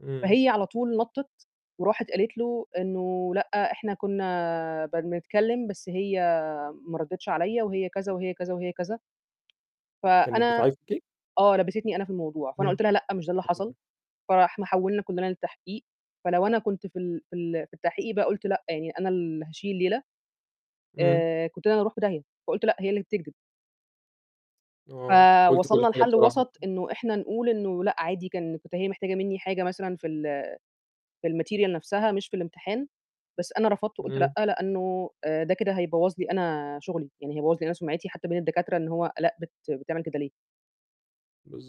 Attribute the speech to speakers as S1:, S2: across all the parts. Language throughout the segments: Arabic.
S1: إمم.
S2: فهي على طول نطِّت، وراحت قالت له إنه: "لأ، إحنا كنا بن بنتكلم بس هي ما ردتش عليَّا وهي كذا، وهي كذا، وهي كذا."
S1: كانت
S2: فأنا
S1: بت [unintelligible]
S2: آه، لبّستني أنا في الموضوع، فأنا
S1: همم،
S2: قُلت لها: "لأ، مش ده اللي حصل."
S1: تمام.
S2: فإحنا حولنا كلنا للتحقيق، فلو أنا كنت في ال في ال في التحقيق بقى قُلت لأ، يعني أنا اللي هاشيل الليلة،
S1: إمم.
S2: آآ، كنت أنا اللي هاروح في داهية فقُلت: "لأ، هي اللي بتكدب."
S1: آه، قُلتِ كل
S2: فوصلنا
S1: حاجة
S2: لحل
S1: بصراحة،
S2: وسط
S1: آه.
S2: إنه إحنا نقول إنه لأ، عادي، كان كنت هي محتاجة مني حاجة مثلًا في ال في ال material نفسها مش في الامتحان، بس أنا رفضت وقُلت لأ،
S1: إمم.
S2: لأنه آآ، ده كده هيبوّظ لي أنا شغلي، يعني هيبوظ لي أنا سُمعتي حتى بين الدكاترة إن هو آلاء بت بتعمل كده ليه؟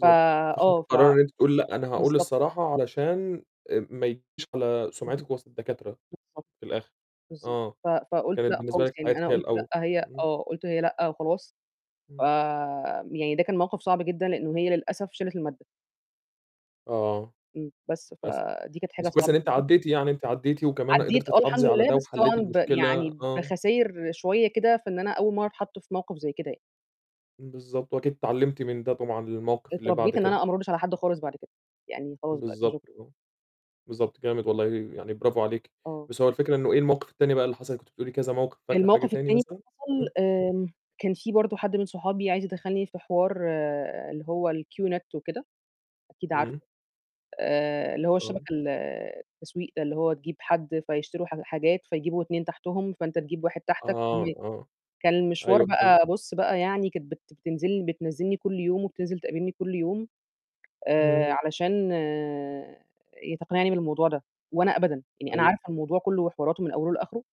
S2: فَ
S1: فخدتِ
S2: آه، ف
S1: القرار إن أنتِ تقولي لأ، أنا هأقول
S2: بالضبط.
S1: الصراحة، علشان ما ييجيش على سمعتِك وسط الدكاترة
S2: [unintelligible] بالضبط
S1: في الآخر.
S2: بالضبط
S1: آه،
S2: ف فقُلت
S1: كانت
S2: لأ
S1: بالنسبة
S2: خالص
S1: لِك
S2: يعني
S1: حياتِك
S2: أنا
S1: هي
S2: قُلت
S1: الأول،
S2: لأ، هي
S1: إمم.
S2: آه، قُلت هي لأ وخلاص ف
S1: إمم.
S2: يعني ده كان موقف صعب جدًا، لإنه هي للأسف شالت المادة.
S1: آه،
S2: إمم، بس
S1: للأسف.
S2: فَدي كانت حاجة
S1: بس كويس إن
S2: صعبة
S1: أنتِ
S2: جدًا.
S1: عديتِ يعني أنتِ عديتِ وكمان
S2: عدّيت
S1: قدرتِ
S2: آه، الحمد
S1: تحافظي على
S2: لله
S1: ده
S2: بس طبعًا
S1: وحليتِ
S2: ب
S1: المشكلة،
S2: يعني
S1: آه.
S2: بخساير شوية كده، فإن أنا أول مرة اتحط في موقف زي كده.
S1: بالضبط، وأكيد اتعلمتِ من ده طبعًا للموقف اللي بعد
S2: اتربيت إن
S1: كده.
S2: أنا آه، ما اردش على حد خالص بعد كده. يعني خلاص بقى، كده
S1: بالضبط،
S2: شكرًا.
S1: آه، بالضبط جامد والله، يعني برافو عليكِ.
S2: آه.
S1: بس هو الفكرة إنه إيه الموقف التاني بقى اللي حصل كنتِ بتقولي كذا موقف فاكرة حاجة
S2: الموقف
S1: تاني
S2: التاني
S1: مثلًا؟
S2: حصل
S1: امم.
S2: آآ، كان في برضه حد من صحابي عايز يدخلني في حوار اللي هو ال Q Net وكده، أكيد عارفه،
S1: إمم.
S2: آآ، اللي هو
S1: آه.
S2: الشبكة ال التسويق ده اللي هو تجيب حد فيشتروا حا حاجات فيجيبوا 2 تحتهم، فأنت تجيب 1 تحتك
S1: آه،
S2: [unintelligible]
S1: آه،
S2: كان المشوار
S1: أيوه، فهمتِك.
S2: بقى، بُص بقى يعني كانت بت بتنزل لي بتنزلني كل يوم وبتِنزِل تقابلني كل يوم
S1: إمم.
S2: آآ، علشان تقنعني بالموضوع ده، وأنا أبدًا يعني أنا
S1: أيوه.
S2: عارفة الموضوع كله وحواراته من أوله لآخره.